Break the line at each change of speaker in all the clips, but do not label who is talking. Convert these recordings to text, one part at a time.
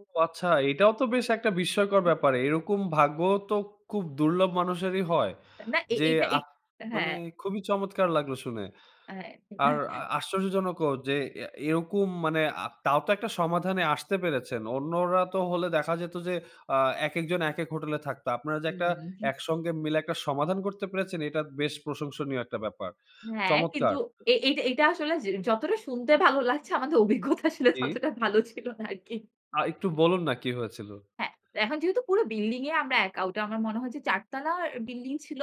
ও আচ্ছা এটাও তো বেশ একটা বিস্ময়কর
[unintelligible]
ব্যাপার। এরকম ভাগ্যও তো খুব দুর্লভ মানুষেরই হয়।
না এ
যে,
এইটা,
আ
এইট অ্যা
মানে
হ্যাঁ।
খুবই চমৎকার লাগলো শুনে।
হ্যাঁ।
আর আ আশ্চর্যজনকও যে, অ্যা এরকম মানে আ তাও তো একটা সমাধানে আসতে পেরেছেন। অন্যরা তো হলে দেখা যেত যে, আ একেকজন একেক হোটেলে থাকতো। আপনারা যে, একটা
উহু।
একসঙ্গে মিলে একটা সমাধান করতে পেরেছেন এটা বেশ প্রশংসনীয় একটা ব্যাপার।
হ্যাঁ, কিন্তু
চমৎকার!
এ এইটা, এইটা, আসলে যে, যতটা শুনতে ভালো লাগছে আমাদের অভিজ্ঞতা আসলে
জি।
ততটা ভালো ছিল না আরকি।
আ একটু বলুন না কি হয়েছিল।
হ্যাঁ, এখন যেহেতু পুরো বিল্ডিং এ আমরা একা। ওইটা আমার মনে হয়েছে ৪ তালার বিল্ডিং ছিল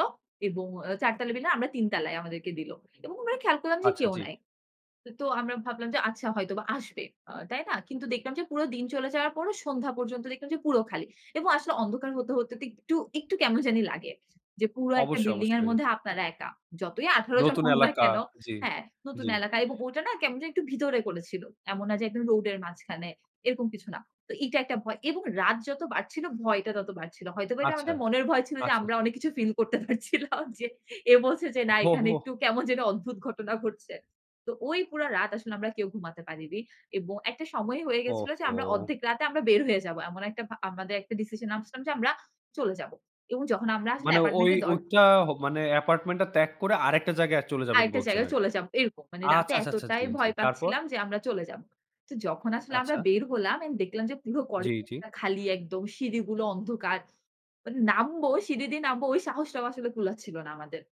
এবং অ্যা ৪ তালা বিল্ডিং এ আমরা ৩ তালায় আমাদেরকে দিল। এবং আমরা খেয়াল করলাম যে,
আচ্ছা
কেউ
জি।
নাই। তো, তো আমরা ভাবলাম যে, আচ্ছা হয়তো আসবে। আ তাই না? কিন্তু দেখলাম যে, পুরো দিন চলে যাওয়ার পরও সন্ধ্যা পর্যন্ত দেখলাম যে, পুরো খালি। এবং আসলে অন্ধকার হতে, হতে তো একটু, একটু কেমন জানি লাগে। যে, পুরা একটা
অবশ্যই,
বিল্ডিং এর
অবশ্যই।
মধ্যে আপনারা একা। যতই ১৮ জন
নতুন
হন না
এলাকা
কেন,
জি,
হ্যাঁ, নতুন
জি।
এলাকা এবং ওটা না কেমন জানি একটু ভিতরে করেছিল। এমন না যে, একদম রোডের মাঝখানে। এরকম কিছু না। তো এইটা একটা ভয়। এবং রাত যত বাড়ছিল ভয়টা তত বাড়ছিল। হয়তোবা এটা
আচ্ছা,
আমাদের মনের ভয় ছিল যে,
আচ্ছা,
আমরা
ছা
অনেক কিছু ফিল করতে পারছিলাম যে, এ বলছে যে, না এখানে একটু কেমন যেন অদ্ভুত ঘটনা ঘটছে। তো ওই পুরা রাত আসলে আমরা কেউ ঘুমাতে পারিনি। এবং একটা সময় হয়ে
ও
গেছিল যে, আমরা
হো!
অর্ধেক রাতে আমরা বের হয়ে যাবো। এমন একটা ভা আমাদের একটা ডিসিশন নামছিলাম যে, আমরা চলে যাব। এবং যখন আমরা আসলে
মানে ঐ
অ্যাপার্টমেন্ট এর দর
ওইটা হ মানে apartment টা ত্যাগ করে আরেকটা জায়গায় আ চলে যাবেন
আরেকটা
বলছেন,
জায়গায়
আরকি।
চলে যাব। এরকম মানে
আচ্ছা,
রাতে
আচ্ছা, আচ্ছা, আচ্ছা,
এতটাই
জি, জি।
ভয়
তারপর?
পাচ্ছিলাম যে, আমরা চলে যাব। তো যখন আসলে আমরা
আচ্ছা।
বের হলাম অ্যান্ড দেখলাম যে, পুরো
জি, জি।
করিডোরটা খালি একদম সিঁড়িগুলো অন্ধকার। মানে নামবো সিঁড়ি দিয়ে নামবো ওই সাহসটাও আসলে কুলাচ্ছিল না আমাদের।